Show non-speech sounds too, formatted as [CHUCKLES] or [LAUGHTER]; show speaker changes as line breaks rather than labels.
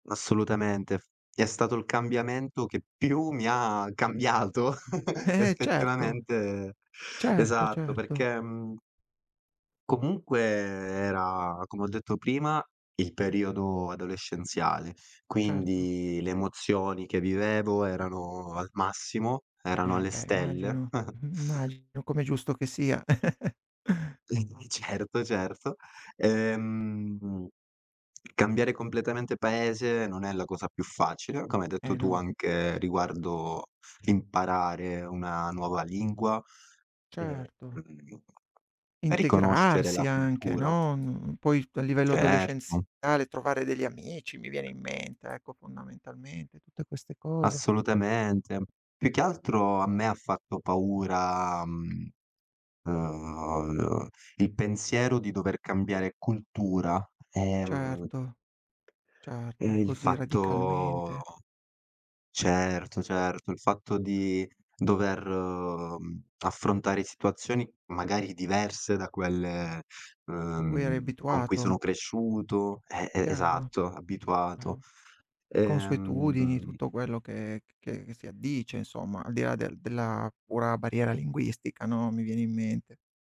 Assolutamente, f è stato il cambiamento che più mi ha cambiato [CHUCKLES]
Eh, eh, certo.
effettivamente
Certo,
Esatto
certo.
perché, mhmm comunque era, come ho detto prima, il periodo adolescenziale,
Certo.
quindi le emozioni che vivevo erano al massimo, erano
Eh
alle
beh
stelle.
immagino,
[CHUCKLES]
immagino come è giusto che sia. [CHUCKLES]
[UNINTELLIGIBLE] certo, certo, ehm, cambiare completamente paese non è la cosa più facile, come hai detto
Eh
tu
no.
anche riguardo imparare una nuova lingua e,
Certo.
mhmm, riconoscere la
Integrarsi anche,
cultura.
no, mhmm, poi t a livello
Certo.
adolescenziale trovare degli amici, mi viene in mente ecco fondamentalmente, tutte queste cose.
Assolutamente. Più che altro a me ha fatto paura, mhmm, uhm, il pensiero di dover cambiare cultura, ehm,
Certo,
e
certo,
il
così
fatto
radicalmente.
certo, certo, il fatto di dover, mhmm, affrontare situazioni magari diverse da quelle,
A cui eri
uhm, con cui sono
abituato.
cresciuto eh, e
Chiaro,
esatto, abituato,
chiaro. Le consuetudini,
ehm
tutto quello che c che che si addice insomma, al di là del della pura barriera linguistica no, mi viene in mente.